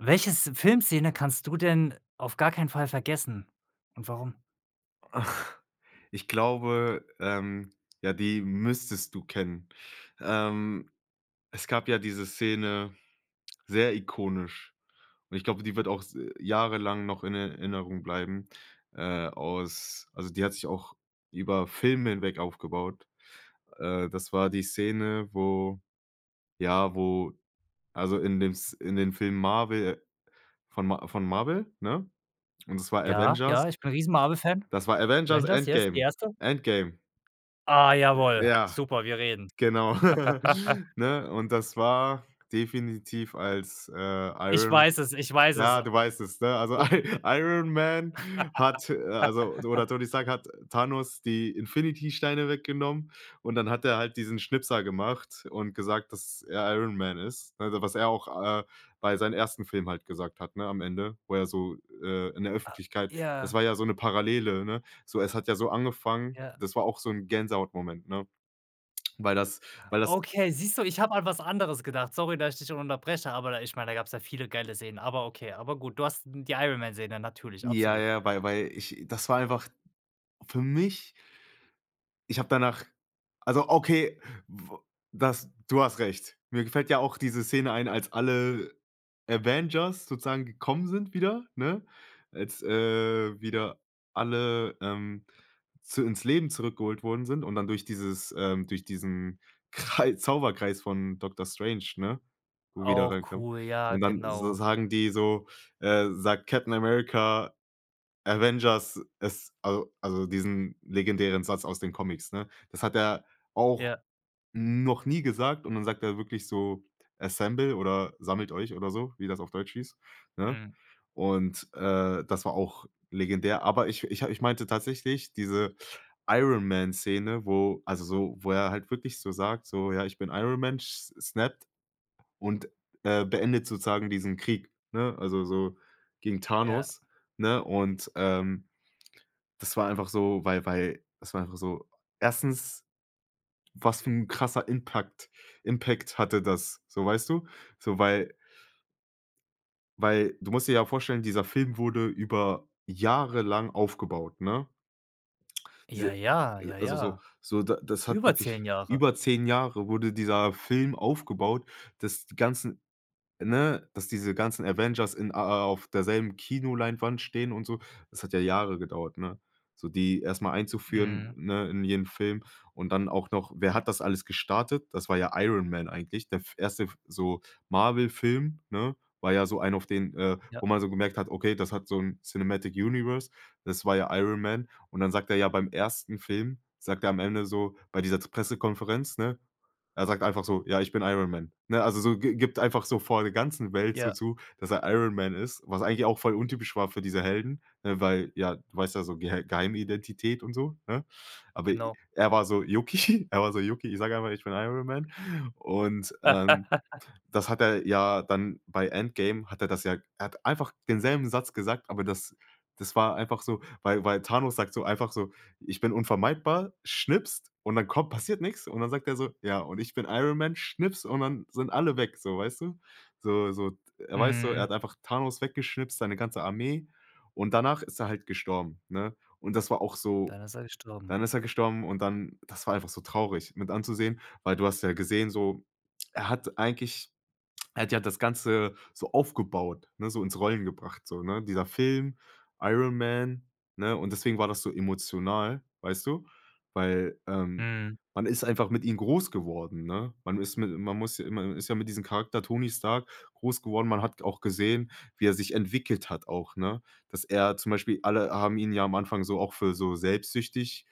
Welches Filmszene kannst du denn auf gar keinen Fall vergessen und warum? Ich glaube, ähm, ja, die müsstest du kennen. Ähm, es gab ja diese Szene, sehr ikonisch und ich glaube, die wird auch s jahrelang noch in Erinnerung bleiben, äh, aus also die hat sich auch über Filme hinweg aufgebaut. Äh, das war die Szene, wo ja, wo, also in dem S in dem Film Marvel von Ma von Marvel, ne. Und es war Ja, Avengers. ja, ich bin Riesen Marvel Fan. Das war Avengers Avengers, yes die Endgame, Erste. Endgame! Ah Äh, jawohl, ja. super, wir reden. Genau. Ne, und das war definitiv als, äh, Ich Iron weiß es, ich weiß es. ja, du weißt es, ne? Also I Iron Man hat, äh, also oder Tony Stark hat Thanos die Infinity Steine weggenommen und dann hat er halt diesen Schnipser gemacht und gesagt, dass er Iron Man ist, ne? Also, was er auch, äh, bei seinen ersten Film halt gesagt hat, ne, am Ende, wo er so, äh in der Öffentlichkeit. Das Ja. war ja so 'ne Parallele, ne? So, es hat ja so angefangen Ja. das war auch so 'n Gänsehautmoment, ne? Weil das weil das Okay, siehst du, ich habe an was anderes gedacht. Sorry, dass ich dich da unterbreche, aber da ich meine, da gab es ja viele geile Szenen, aber okay aber gut, du hast die Iron-Man-Szene, natürlich, Ja, absolut. ja, weil weil ich, das war einfach für mich ich hab danach also okay, w das, du hast recht. Mir gefällt ja auch diese Szene ein, als alle Avengers sozusagen gekommen sind wieder, ne? Als, äh, wieder alle, ähm, zu ins Leben zurückgeholt worden sind und dann durch dieses, ähm, durch diesen Krei Zauberkreis von Doctor Strange, ne, wo wieder Auch reinkommt. cool, ja, Und dann so genau. sagen die so äh, sagt Captain America: „Avengers, es", al also diesen legendären Satz aus den Comics, ne? Das hat er auch Ja. noch nie gesagt und dann sagt er wirklich so: „Assemble" oder sammelt euch oder so, wie das auf Deutsch hieß, ne? Mhm. Und, äh, das war auch legendär, aber ich ich ich meinte tatsächlich diese Iron Man Szene, wo also so wo er halt wirklich so sag so: „Ja, ich bin Iron Man", sch snappt und, äh, beendet sozusagen diesen Krieg, ne, also so gegen Ja. Thanos, ne? Und, ähm, das war einfach so, weil weil, es war einfach so erstens, was für 'n krasser Impact- Impact hatte das? So, weißt du? So, weil weil du musst dir ja vorstellen, dieser Film wurde über jahrelang aufgebaut, ne? Ja, Diese ja, ja, also so ja. so d das hat Über wirklich 10 Jahre. über 10 Jahre wurde dieser Film aufgebaut, dass die ganzen, ne, dass diese ganzen Avengers in a a auf derselben Kinoleinwand stehen und so. Das hat ja Jahre gedauert, ne? So die erst mal einzuführen, Mhm. ne, in jeden Film. Und dann auch noch wer hat das alles gestartet? Das war ja Iron Man eigentlich. Der f erste f so Marvel Film, ne, war ja so ein auf den äh, Ja. wo man so gemerkt hat, okay, das hat so 'n Cinematic Universe, das war ja Iron Man. Und dann sagt er ja, beim ersten Film sagt er am Ende so, bei dieser z Pressekonferenz, ne, er sagt einfach so: „Ja, ich bin Iron Man", ne? Also so gi gibt einfach so vor der ganzen Welt so Ja. zu, dass er Iron Man ist, was eigentlich auch voll untypisch war für diese Helden, ne, weil ja du weißt ja, so Geh Geheimidentität und so, ne? Aber, äh, Genau. er war so, yucki, er war so yucki, ich sage einfach, ich bin Iron Man. Und, ähm, das hat er ja dann bei Endgame, hat er das ja er hat einfach denselben Satz gesagt, aber das das war einfach so, weil weil Thanos sagt so einfach so: „Ich bin unvermeidbar", schnipst und dann kommt passiert nichts. Und dann sagt er so: „Ja und ich bin Iron Man", schnipst und dann sind alle weg so, weißt du? So so, er weiß so, er hat Mhm. einfach Thanos weggeschnippst, seine ganze Armee und danach ist er halt gestorben, ne? Und das war auch so Dann ist er gestorben. dann ist er gestorben und dann das war einfach so traurig mit anzusehen, weil du hast ja gesehen, so, er hat eigentlich er hat ja das Ganze so aufgebaut, ne, so ins Rollen gebracht, so, ne? Dieser Film, Iron Man, ne? Und deswegen war das so emotional, weißt du? Weil, ähm, Mhm. man ist einfach mit ihn groß geworden, ne? Man ist mit man muss man ist ja mit diesem Charakter Tony Stark groß geworden. Man hat auch gesehen, wie er sich entwickelt hat auch, ne? Dass er zum Beispiel alle haben ihn ja am Anfang so auch für so selbstsüchtig,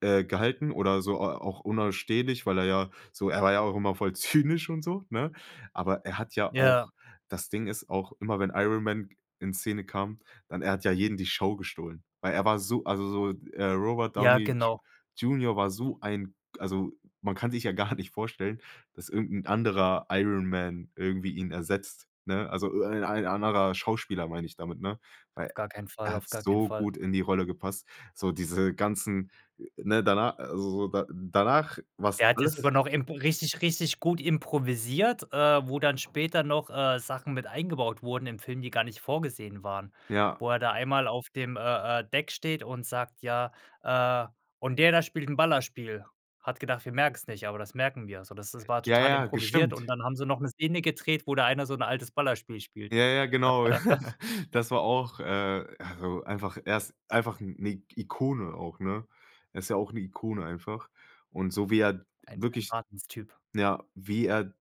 äh, gehalten oder so, äh, auch unausstehlich, weil er ja, so er war ja auch immer voll zynisch und so, ne? Aber er hat ja Ja. auch das Ding ist auch immer, wenn Iron Man in Szene kam, dann er hat ja jeden die Show gestohlen. Weil er war so also so, äh, Robert Ja, Downey J genau. Junior war so ein also man kann sich ja gar nicht vorstellen, dass irgend 'n anderer Iron Man irgendwie ihn ersetzt, ne? Also öh ein ein anderer Schauspieler, meine ich damit, ne? Auf Weil gar keinen er Fall, hat auf gar keinen so Fall. gut in die Rolle gepasst, so diese ganzen ne, dana also so da danach war es Der hat jetzt alles sogar noch emp richtig richtig gut improvisiert, äh, wo dann später noch, äh, Sachen mit eingebaut wurden im Film, die gar nicht vorgesehen waren. Ja. Wo er da einmal auf dem, äh-äh, Deck steht und sagt: „Ja äh, und der da spielt 'n Ballerspiel. Hat gedacht, wir merken es nicht, aber das merken wir." Also das das war Ja, total ja, improvisiert gestimmt. und dann haben sie noch 'ne Szene gedreht, wo da einer so 'n altes Ballerspiel spielt. Ja, ja, genau. Das war auch äh, also einfach er ist einfach 'ne I Ikone auch, ne? Er ist ja auch 'ne Ikone einfach. Und so wie er Ein, ein wirklich, Wahnsinnstyp ja, wie er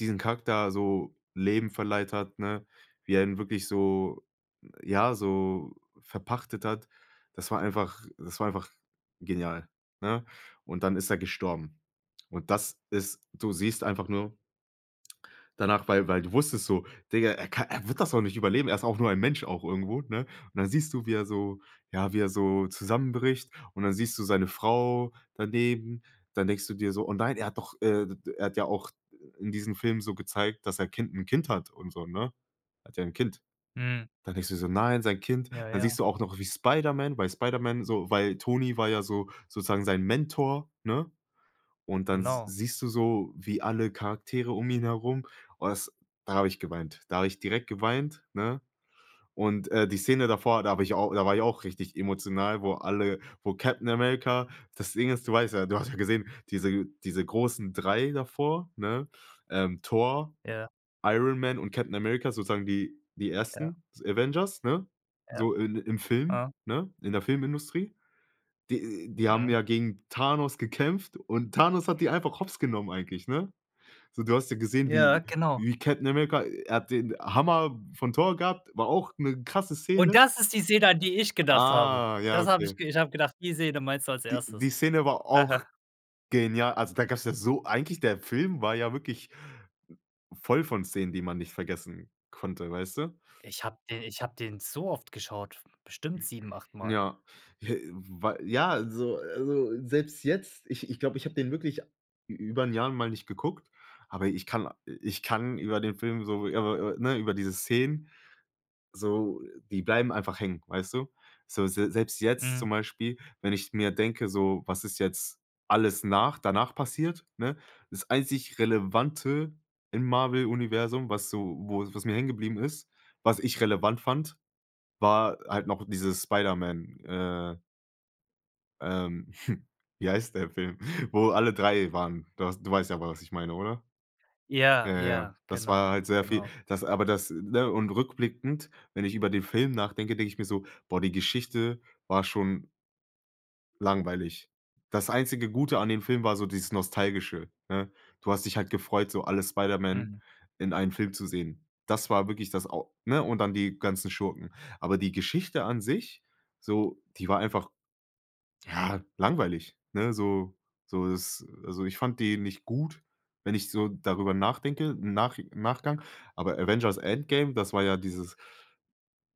diesen Charakter so Leben verleiht hat, ne, wie er ihn wirklich so ja, so verpachtet hat, das war einfach das war einfach genial, ne? Und dann ist er gestorben. Und das ist du siehst einfach nur danach, weil weil du wusstest so, Digger, er kann er wird das auch nicht überleben. Er ist auch nur ein Mensch, auch irgendwo, ne? Und dann siehst du, wie er so ja, wie er so zusammenbricht. Und dann siehst du seine Frau daneben. Dann denkst du dir so: „Oh nein, er hat doch, äh, d d er hat ja auch in diesem Film so gezeigt, dass sein Kind 'n Kind hat und so, ne?" Er hat ja 'n Kind. Mhm. Dann denkst dir so: „Nein, sein Kind." Ja, Dann ja. siehst du auch noch wie Spiderman bei Spiderman so weil Tony war ja so sozusagen sein Mentor, ne? Und dann s Genau. siehst du so, wie alle Charaktere um ihn herum oh das, da habe ich geweint. Da habe ich direkt geweint, ne? Und, äh, die Szene davor, da habe ich auch da war ich auch richtig emotional, wo alle wo Captain America das Ding ist, du weißt ja. Du hast ja gesehen, diese diese großen 3 davor, ne, ähm, Thor, Ja. Iron Man und Captain America. Sozusagen die die Ja. ersten Avengers, ne, Ja. so i im Film, Aha. ne, in der Filmindustrie. Die die haben Mhm. ja gegen Thanos gekämpft und Thanos hat die einfach hops genommen eigentlich, ne? So, du hast ja gesehen Ja, wie genau. wie Captain America er hat den Hammer von Thor gehabt, war auch 'ne krasse Und Szene. das ist die Szene, an die ich gedacht habe. Ah, ja, Das habe ich okay. ich habe gedacht, die Szene meinst du als Die die Erstes. Szene war auch genial also da gab es ja so eigentlich, der Film war ja wirklich voll von Szenen, die man nicht vergessen konnte, weißt du? Ich hab den ich hab den so oft geschaut, bestimmt 7, 8 Mal. Ja, äh, wei ja, also also, selbst jetzt, ich ich glaube, ich hab den wirklich ü über 'n Jahr mal nicht geguckt, aber ich kann ich kann über den Film so, ja, w w ne, über diese Szenen, so die bleiben einfach hängen, weißt du? So, se selbst jetzt Mhm. zum Beispiel, wenn ich mir denke, so, was ist jetzt alles nach danach passiert, ne? Das einzig Relevante im Marvel Universum, was so wo was mir hängen geblieben ist, was ich relevant fand, war halt noch diese Spiderman, äh ähm, hm, wie heißt der Film, wo alle 3 waren. Du hast du weißt ja, was ich meine, oder? Ja, Ja, ja. ja, Das war genau, halt sehr viel. genau. Das aber das, ne und rückblickend, wenn ich über den Film nachdenke, denke ich mir so: „Boah, die Geschichte war schon" langweilig." Das einzige Gute an dem Film war so dieses Nostalgische, ne? Du hast dich halt gefreut, so alle Spiderman Mhm. in einen Film zu sehen. Das war wirklich das au ne und dann die ganzen Schurken. Aber die Geschichte an sich, so, die war einfach ja, langweilig, ne? So so das, also ich fand die nicht gut, wenn ich so darüber nachdenke, im Nachi Nachgang. Aber Avengers Endgame, das war ja dieses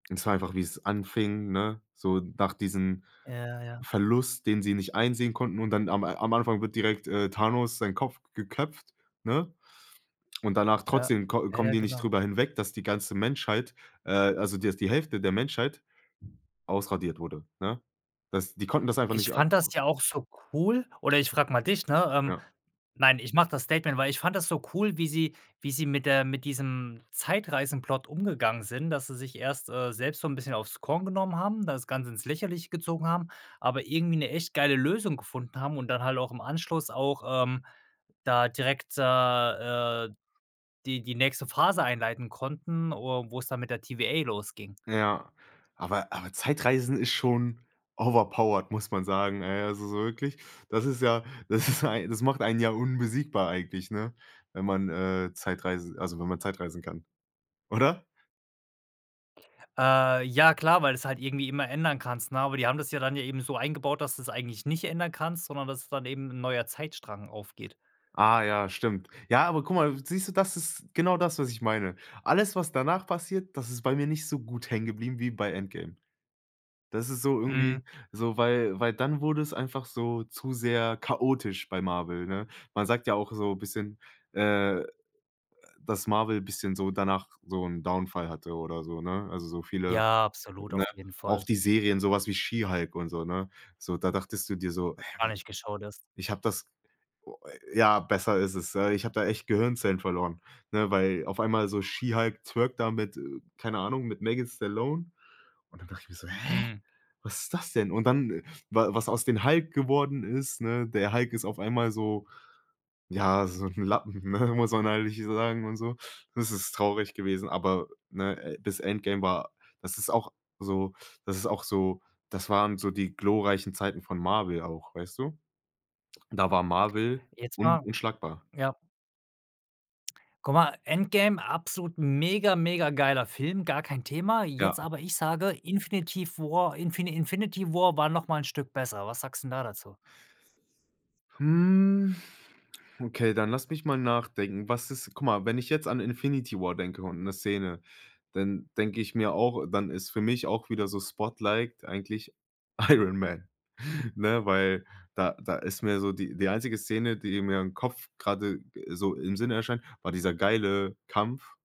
das war einfach, wie es anfing, ne, so nach diesem Ja, ja. Verlust, den sie nicht einsehen konnten, und dann am am Anfang wird direkt, äh, Thanos seinen Kopf geköpft, ne? Und danach Ja. trotzdem kom ja, kommen ja, die nicht genau. drüber hinweg, dass die ganze Menschheit äh, also, dass die Hälfte der Menschheit ausradiert wurde, ne? Das die konnten das einfach Ich nicht a fand das ja auch so cool oder ich frage mal dich, ne? Ähm, Ja. nein, ich mache das Statement, weil ich fand das so cool, wie sie wie sie mit der mit diesem Zeitreisen-Plot umgegangen sind, dass sie sich erst, äh, selbst so 'n bisschen aufs Korn genommen haben, das Ganze ins Lächerliche gezogen haben, aber irgendwie 'ne echt geile Lösung gefunden haben und dann halt auch im Anschluss auch, ähm, da direkt, äh äh, die die nächste Phase einleiten konnten, or wo es dann mit der TVA losging. Ja, aber aber Zeitreisen ist schon overpowered, muss man sagen. Ey, also so wirklich, das ist ja das [unintelligible] macht einen ja unbesiegbar eigentlich, ne, wenn man, äh, Zeitreisen also wenn man zeitreisen kann. Oder? Äh, ja klar, weil du es halt irgendwie immer ändern kannst, ne? Aber die haben das ja dann eben so eingebaut, dass du's eigentlich nicht ändern kannst, sondern dass es dann eben 'n neuer Zeitstrang aufgeht. Ah ja, stimmt. Ja, aber guck mal, siehst du, das ist genau das, was ich meine. Alles, was danach passiert, das ist bei mir nicht so gut hängen geblieben wie bei Endgame. Das ist so Mhm. irgendwie so, weil weil dann wurde es einfach so zu sehr chaotisch bei Marvel, ne? Man sagt ja auch so bisschen, äh, dass Marvel bisschen so danach so 'n Downfall hatte oder so, ne? Also, so viele Ja, absolut, ne auf jeden auch Fall. die Serien, sowas wie She Hulk und so, ne? So, da dachtest du dir so: Noch „Hä, gar nicht geschaut erst. ich habe das "oh, äh, ja, besser ist es. Ja, ich habe da echt Gehirnzellen verloren, ne? Weil auf einmal so She Hulk twerkt da mit äh, keine Ahnung mit Megan Stallion. Und dann dachte ich mir so: „Hä? Hm. Was ist das denn?“ Und dann, wa was aus den Hulk geworden ist, ne? Der Hulk ist auf einmal so, ja, so 'n Lappen, ne? Muss man ehrlich sagen und so. Das ist traurig gewesen, aber, ne? Äh, das Endgame war das ist auch so das ist auch so, das waren so die glorreichen Zeiten von Marvel auch, weißt du? Da war Marvel Jetzt un mal unschlagbar. ja. Guck mal, Endgame, absolut mega, mega geiler Film, gar kein Thema. Ja. Jetzt aber ich sage: „Infinitiv War Infi Infinity War noch mal 'n Stück besser." Was sagst 'n da dazu? Hm, okay, dann lass mich mal nachdenken. Was ist guck mal, wenn ich jetzt an Infinity War denke und 'ne Szene, dann denke ich mir auch dann ist für mich auch wieder so spotliked eigentlich Iron Man, ne? Weil da da ist mir so die die einzige Szene, die mir im Kopf grade so im Sinne erscheint, war dieser geile Kampf,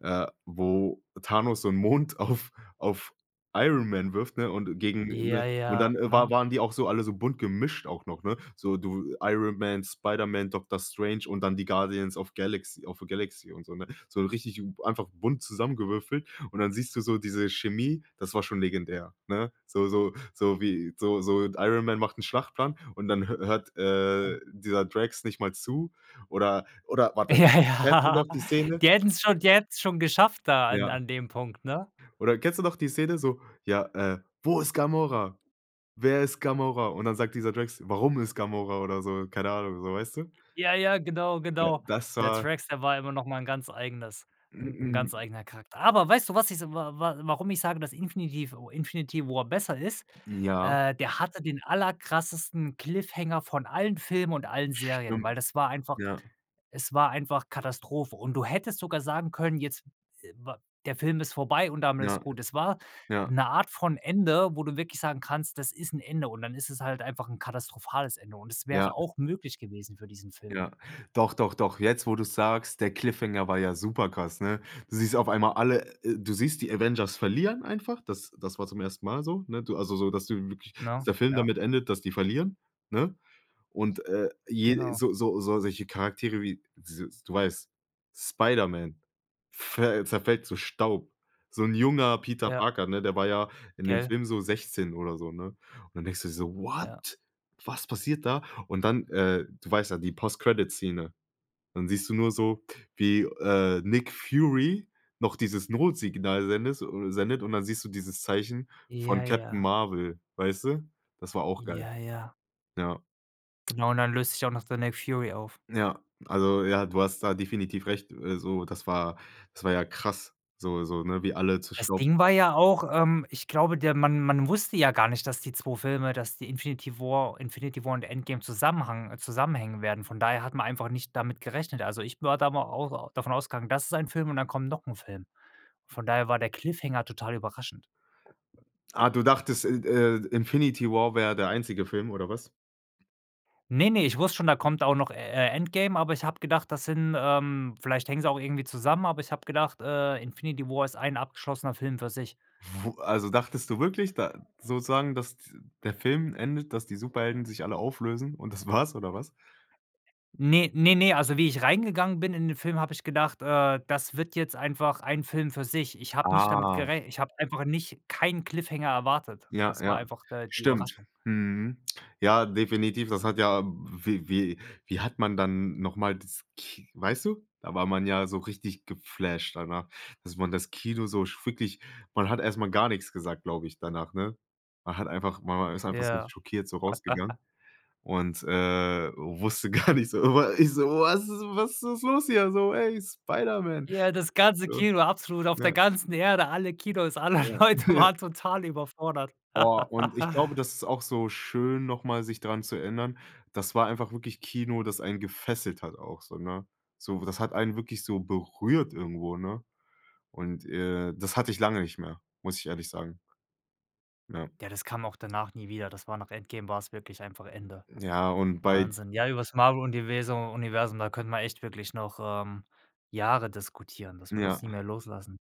äh, wo Thanos so 'n Mond auf auf Iron Man wirft, ne? Und gegen, ne Ja, Und ja, dann war ne? waren die auch so alle so bunt gemischt auch noch, ne? So du Iron Man, Spiderman, Doktor Strange und dann die Guardians of Galax of the Galaxy und so, ne? So 'n richtig einfach bunt zusammengewürfelt. Und dann siehst du so diese Chemie, das war schon legendär, ne? So so so wie so so Iron Man macht 'n Schlachtplan und dann hö hört, Äh äh, dieser Drax nicht mal zu oder oder warte Ja, kennst du ja. noch die Szene Die hätten es schon die hätten es schon geschafft da an Ja. an dem Punkt, ne? Oder kennst du noch die Szene so, ja, äh: „Wo ist Gamora? Wer ist Gamora?“ Und dann sagt dieser Drax: „Warum ist Gamora?“ oder so, keine Ahnung, so, weißt du? Ja, ja, genau, Äh, genau. das Der war Drax, der war immer noch mal 'n ganz eigenes 'n 'n ganz eigener Charakter. Aber weißt du, was ich wa wa warum ich sage, dass Infinitiv o Infinity War besser ist? Ja? Äh, der hatte den aller krassesten Cliffhanger von allen Filmen und allen Serien, weil Stimmt, das war einfach ja. es war einfach Katastrophe und du hättest sogar sagen können: „Jetzt, äh, wa der Film ist vorbei und damit ist Ja, gut." Es war ja. 'ne Art von Ende, wo du wirklich sagen kannst: „Das ist 'n Ende.“ und dann ist es halt einfach 'n katastrophales Ende und es Ja. wäre auch möglich gewesen für diesen Film. Ja, doch, doch, doch. Jetzt, wo du's sagst, der Cliffhanger war ja super krass, ne? Du siehst auf einmal alle, äh du siehst die Avengers verlieren einfach. Das das war zum ersten Mal so, ne? Du also, so, dass du wirklich Ne? der Film Ja. damit endet, dass die verlieren, ne? Und, äh, je Genau. so so solche Charaktere wie, s du weißt, Spiderman ver zerfällt zu Staub. So 'n junger Peter Ja. Parker, ne? Der war ja in dem Gell? Film so 16 oder so, ne? Und dann denkst du so: Ja. „What? Was passiert da?“ Und dann, äh, du weißt ja, die Post Credit Szene. Dann siehst du nur so, wie, äh, Nick Fury noch dieses Notsignal sendest oder sendet und dann siehst du dieses Zeichen von Ja, Captain ja. Marvel, weißt du? Das war auch geil. Ja, ja. Ja. Genau und dann löst sich auch der Nick Fury auf. Ja, also, ja, du hast da definitiv recht, äh, so, das war das war ja krass, so so, ne? Wie alle zu Das Staub Ding war ja auch ähm, ich glaube, der man man wusste ja gar nicht, dass die 2 Filme, dass die Infinity War Infinity War und Endgame zusammhang zusammenhängen werden. Von daher hat man einfach nicht damit gerechnet. Also, ich war da mal au davon ausgegangen, das ist ein Film und dann kommen noch 'n Film. Von daher war der Cliffhanger total überraschend. Ah, du dachtest, In äh, Infinity War wäre der einzige Film oder was? Ne, ne, ich wusste schon, da kommt auch noch, äh, „Endgame“, aber ich habe gedacht, das sind, ähm vielleicht hängen sie auch irgendwie zusammen, aber ich habe gedacht, äh, „Infinity War“ ist ein abgeschlossener Film für sich. Wo also, dachtest du wirklich da sozusagen, dass d der Film endet, dass die Superhelden sich alle auflösen und das war's, oder was? Ne, ne, ne, also, wie ich reingegangen bin in den Film, habe ich gedacht, äh, das wird jetzt einfach ein Film für sich. Ich habe nicht damit Ah. gerech ich habe einfach nicht keinen Cliffhanger erwartet. Ja, Das war ja. einfach, äh, die Stimmt. Überraschung. Mhm. Ja, definitiv. Das hat ja wie wie wie hat man dann noch mal das Ki weißt du? Da war man ja so richtig geflasht danach, dass man das Kino so f wirklich man hat erst mal gar nix gesagt, glaube ich, danach, ne? Man hat einfach ma man ist einfach so Ja. schockiert so rausgegangen und, äh, wusste gar nicht so Aber ich so: „Was was was ist los hier so, ey, Spiderman?“ Ja, das ganze Ja. Kino absolut auf der Ja. ganzen Erde. Alle Kinos, alle Ja. Leute Ja. waren total überfordert. Boah, und ich glaube, das ist auch so schön, nochmal sich daran zu erinnern. Das war einfach wirklich Kino, das einen gefesselt hat auch so, ne? So, das hat einen wirklich so berührt irgendwo, ne? Und, äh, das hatte ich lange nicht mehr, muss ich ehrlich sagen. Ja. Ja, das kam auch danach nie wieder. Das war nach „Endgame“ war's wirklich einfach Ende. Ja, und bei Wahnsinn. Ja, über das Marvel-Universu Universum, da können wir echt wirklich noch, ähm, Jahre diskutieren. Das wird Ja. uns nie mehr loslassen.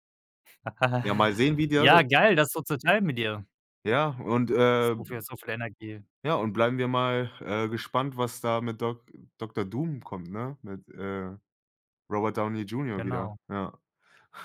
Ja, mal sehen, wie die alle Ja, geil, das so zu total teilen mit dir. Ja, und, äh So viel so viel Energie. Ja, und bleiben wir mal, äh, gespannt, was da mit Dok Doktor Doom kommt, ne? Mit, äh, Robert Downey Junior wieder, Genau. ja.